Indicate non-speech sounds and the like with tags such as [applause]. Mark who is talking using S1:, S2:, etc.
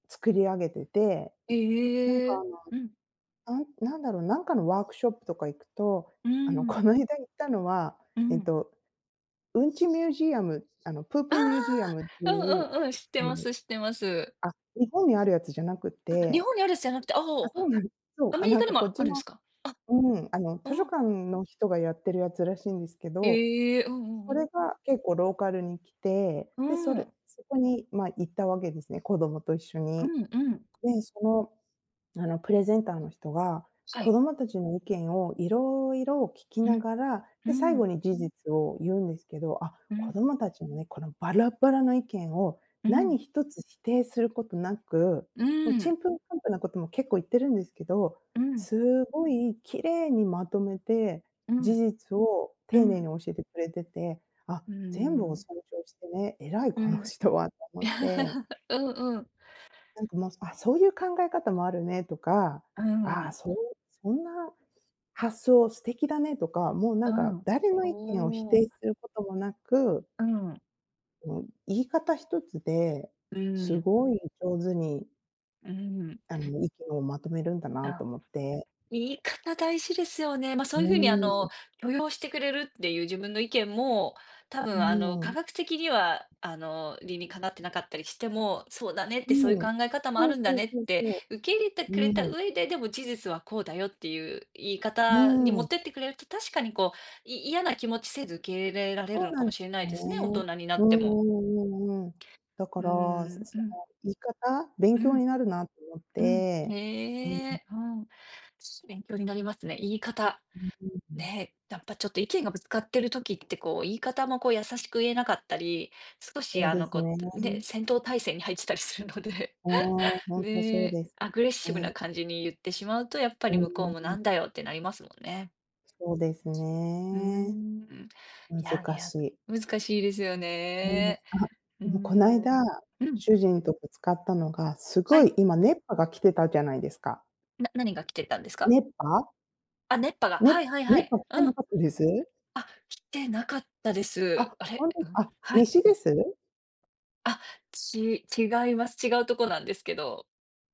S1: 作り上げてて、
S2: え、
S1: なん
S2: え
S1: か、
S2: え。
S1: あの、
S2: うん。
S1: あんなんだろう、なんかのワークショップとか行くと、
S2: うー
S1: あの、
S2: ん。
S1: こないだ行ったのは、
S2: う
S1: えっ
S2: ん。
S1: と、うんちミュージアム、あの、プー
S2: あ
S1: プミュージアムって
S2: あ！う
S1: いう、
S2: んうんうん。知って
S1: あ
S2: ま
S1: の
S2: す、知ってます。
S1: あ、日本にあるやつじゃなくっ
S2: あ、日
S1: て
S2: 本にあるやつじゃなくて。あ
S1: あ、
S2: お。
S1: そうなんそう、
S2: ア
S1: あ、
S2: メリ
S1: なん
S2: カに
S1: か
S2: も
S1: こっち
S2: あるん
S1: の
S2: すか？
S1: うん、あの
S2: あ、
S1: 図書
S2: うん。
S1: 館の人がやってるやつらしいんですけど、
S2: へえ。うんうん
S1: そ
S2: うん。
S1: れが結構ローカルに来て、
S2: う
S1: で、
S2: ー
S1: それ
S2: ん。
S1: そこに、ま、行ったわけですね、子どもと一緒
S2: う
S1: に。
S2: んうん。
S1: で、その、あの、プレゼンターの人が、
S2: は
S1: 子
S2: い。
S1: どもたちの意見をいろいろ聞き
S2: う
S1: な
S2: ん。
S1: がら、
S2: うー
S1: で、最後
S2: ん。
S1: に事実を言うんですけど、あ、
S2: う
S1: 子
S2: ん。
S1: どもたちのね、このバラバラな意見を
S2: うん。
S1: 何一つ否定することなく、
S2: う
S1: もう、
S2: ー
S1: ち
S2: ん。
S1: んぷんかんぷんなことも結構言ってるんですけど、
S2: うん。
S1: すごい綺麗にまとめて、
S2: う
S1: 事
S2: ん。
S1: 実を
S2: う
S1: 丁寧に
S2: ん。
S1: 教えてくれてて「あ、
S2: うー
S1: 全部を
S2: ん。
S1: 尊重してね、偉い
S2: う
S1: この [chuckles]
S2: ん。
S1: 人は」って思って。
S2: [chuckles] うんうん。
S1: なんかもう「あ、そういう考え方もあるね」とか
S2: うー
S1: 「ああ、
S2: ん。
S1: そう、そんな発想素敵だね」とか、もう、な
S2: う
S1: んか
S2: ん。
S1: 誰の意見を否
S2: おお。
S1: 定することもなく
S2: うん。
S1: うん。言い方一つで、
S2: うー
S1: す
S2: ん。
S1: ごい上手に
S2: うん。
S1: あの、意見をまとめるんだなと
S2: あ。
S1: 思って。
S2: 言い方大事ですよね。ま、そ
S1: う
S2: ういう風に、あ
S1: ー
S2: の、
S1: ん。
S2: 許容してくれるっていう自分の意見も、多
S1: う
S2: 分あの、
S1: ー
S2: 科
S1: ん。
S2: 学的には、あの、理にかなってなかったりしても「そうだね」っ
S1: う
S2: て「そういう
S1: ん。
S2: 考え方もあ
S1: そう
S2: るんだ
S1: そう
S2: ね」っ
S1: そう
S2: て
S1: そ
S2: 受け入れて
S1: う。
S2: く
S1: う
S2: れた
S1: ーん。
S2: 上で、でも事実はこうだよっていう言い
S1: う
S2: 方に
S1: ー
S2: 持っ
S1: ん。
S2: てってくれると、確かにこう、い嫌な気持ちせず受け入れられる
S1: そ
S2: の
S1: うな
S2: か
S1: んで
S2: もし
S1: す
S2: れないですね、大
S1: ね。
S2: 人にな
S1: う
S2: って
S1: んう
S2: も。
S1: んうんうん。だか
S2: うー
S1: ら、そ
S2: ん。
S1: そ
S2: うん。
S1: の言い方勉
S2: う
S1: 強に
S2: ん。
S1: なるなと思っ
S2: うん。
S1: て。うん。
S2: へえ。うん。勉強になりますね。言い方。
S1: [unintelligible]
S2: ね、やっぱちょっと意見がぶつかってる時って、こう言い方もこう優しく言えなかったり、少し
S1: そう
S2: あ
S1: で
S2: の、
S1: す
S2: こ
S1: ね。
S2: う、ね、戦闘態勢に入ってたりするので。
S1: ああ、
S2: [laughs]
S1: ほんとそう
S2: ね、
S1: です
S2: アグレッシブな
S1: ね。
S2: 感じに言ってしまうと、やっぱり向こうもな
S1: [unintelligible]
S2: んだよってなりますもんね。
S1: そうです
S2: うー
S1: ね。
S2: ん。いやい
S1: 難
S2: や、
S1: しい。
S2: 難しいですよ
S1: うん。あ、
S2: ね。うー
S1: う、こないだ、
S2: ん。うん。
S1: 主人とで使ったのが、
S2: は
S1: 凄
S2: い。
S1: い今、熱波が来てたじゃないですか。
S2: な何が来てたんですか？
S1: 熱波。
S2: あ、熱波が。
S1: ね、
S2: はいはいは
S1: 熱
S2: い。
S1: 波来て
S2: う
S1: な
S2: ん。
S1: かったです？
S2: あ、来てなかったで
S1: あ、
S2: す。あ
S1: ほ
S2: れ。
S1: んとで
S2: う
S1: す、
S2: ん。
S1: あ、
S2: はい。
S1: 西です？
S2: あ、ち違います。違うとこなんですけど。